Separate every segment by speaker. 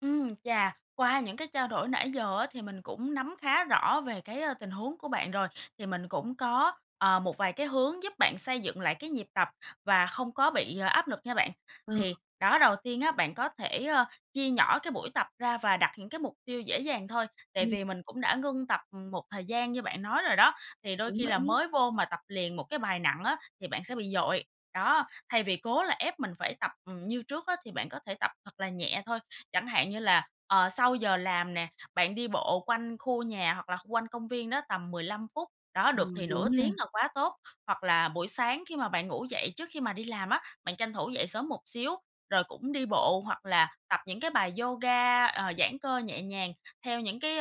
Speaker 1: Ừm. Chà! Qua những cái trao đổi nãy giờ á, thì mình cũng nắm khá rõ về cái tình huống của bạn rồi, thì mình cũng có, ờ, một vài cái hướng giúp bạn xây dựng lại cái nhịp tập và không có bị áp lực nha bạn.
Speaker 2: Ờ.
Speaker 1: Thì đó, đầu tiên á, bạn có thể, ơ, chia nhỏ cái buổi tập ra và đặt những cái mục tiêu dễ dàng thôi. Tại
Speaker 2: Ừm.
Speaker 1: vì mình cũng đã ngưng tập, ừm, một thời gian như bạn nói rồi đó, thì đôi
Speaker 2: Đúng
Speaker 1: khi
Speaker 2: vậy
Speaker 1: là
Speaker 2: nhá.
Speaker 1: mới vô mà tập liền một cái bài nặng á, thì bạn sẽ bị dội. Đó, thay vì cố là ép mình phải tập, ừm, như trước á, thì bạn có thể tập thật là nhẹ thôi. Chẳng hạn như là, ờ, sau giờ làm nè, bạn đi bộ quanh khu nhà hoặc là kh quanh công viên đó tầm 15 phút, đó, được thì
Speaker 2: Ừm,
Speaker 1: nửa
Speaker 2: đúng ha.
Speaker 1: tiếng là quá tốt. Hoặc là buổi sáng khi mà bạn ngủ dậy trước khi mà đi làm á, bạn tranh thủ dậy sớm một xíu rồi cũng đi bộ hoặc là tập những cái bài yoga, ờ, giãn cơ nhẹ nhàng theo những cái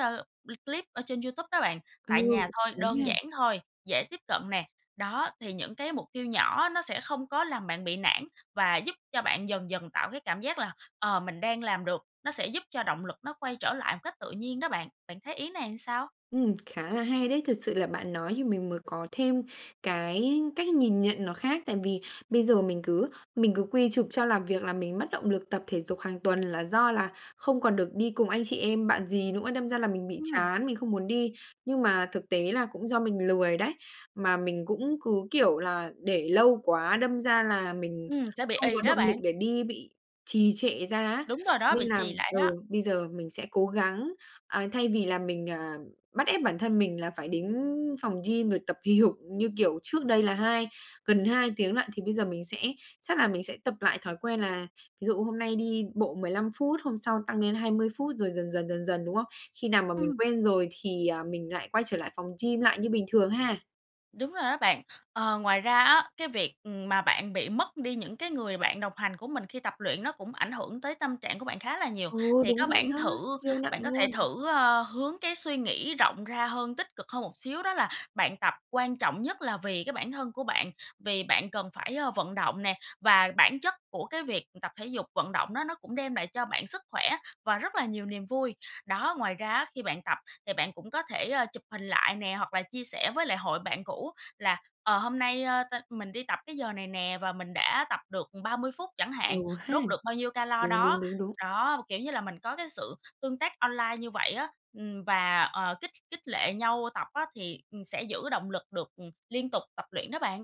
Speaker 1: l clip ở trên YouTube đó bạn,
Speaker 2: Ừ,
Speaker 1: tại nhà thôi,
Speaker 2: đúng
Speaker 1: đơn
Speaker 2: nha.
Speaker 1: giản thôi, dễ tiếp cận nè. Đó, thì những cái mục tiêu nhỏ nó sẽ không có làm bạn bị nản và giúp cho bạn dần dần tạo cái cảm giác là, ờ, mình đang làm được, nó sẽ giúp cho động lực nó quay trở lại một cách tự nhiên đó bạn. Bạn thấy ý này làm sao?
Speaker 2: Ừm, khá là hay đấy. Thật sự là bạn nói thì mình mới có thêm cái cách nhìn nhận nó khác. Tại vì bây giờ mình cứ mình cứ quy chụp cho làm việc làm mình mất động lực tập thể dục hàng tuần, là do là không còn được đi cùng anh chị em, bạn dì nữa, đâm ra là mình bị
Speaker 1: Ừm.
Speaker 2: chán, mình không muốn đi. Nhưng mà thực tế là cũng do mình lười đấy, mà mình cũng cứ kiểu là để lâu quá, đâm ra là mình
Speaker 1: Ừm, sẽ bị
Speaker 2: không có
Speaker 1: ì đó
Speaker 2: động lực
Speaker 1: bạn.
Speaker 2: để đi, bị trì trệ ra á,
Speaker 1: Đúng rồi đó,
Speaker 2: nên
Speaker 1: bị
Speaker 2: là
Speaker 1: trì lại đó.
Speaker 2: ừ, bây giờ mình sẽ cố gắng. À, thay vì là mình, à, bắt ép bản thân mình là phải đến phòng gym rồi tập hì hục như kiểu trước đây là hai gần 2 tiếng lận thì bây giờ mình sẽ chắc là mình sẽ tập lại thói quen là ví dụ hôm nay đi bộ 15 phút, hôm sau tăng lên 20 phút rồi dần dần, dần dần, đúng không? Khi nào mà mình
Speaker 1: Ừm.
Speaker 2: quen rồi thì, ờ, mình lại quay trở lại phòng gym lại như bình thường ha.
Speaker 1: Đúng rồi đó bạn. Ờ, ngoài ra á, cái việc, ừm, mà bạn bị mất đi những cái người bạn đồng hành của mình khi tập luyện nó cũng ảnh hưởng tới tâm trạng của bạn khá là nhiều.
Speaker 2: Ừ,
Speaker 1: Thì có
Speaker 2: đúng vậy
Speaker 1: bản
Speaker 2: đó,
Speaker 1: thử
Speaker 2: siêu nặng
Speaker 1: bạn có thể
Speaker 2: luôn.
Speaker 1: thử, ơ, hướng cái suy nghĩ rộng ra hơn, tích cực hơn một xíu. Đó là bạn tập quan trọng nhất là vì cái bản thân của bạn, vì bạn cần phải vận động nè, và bản chất của cái việc tập thể dục, vận động đó nó cũng đem lại cho bạn sức khỏe và rất là nhiều niềm vui. Đó, ngoài ra á, khi bạn tập thì bạn cũng có thể chụp hình lại nè hoặc là chia sẻ với lại hội bạn cũ là, ờ, hôm nay tao mình đi tập cái giờ này nè và mình đã tập được 30 phút chẳng
Speaker 2: Ừ
Speaker 1: hạn,
Speaker 2: ha.
Speaker 1: đốt được bao nhiêu calo
Speaker 2: Đúng, đúng,
Speaker 1: đó.
Speaker 2: đúng, đúng.
Speaker 1: Đó, b kiểu như là mình có cái sự tương tác online như vậy á, ừm, và, ờ, kích kích lệ nhau tập á, thì, ừm, sẽ giữ động lực được, ừm, liên tục tập luyện đó bạn.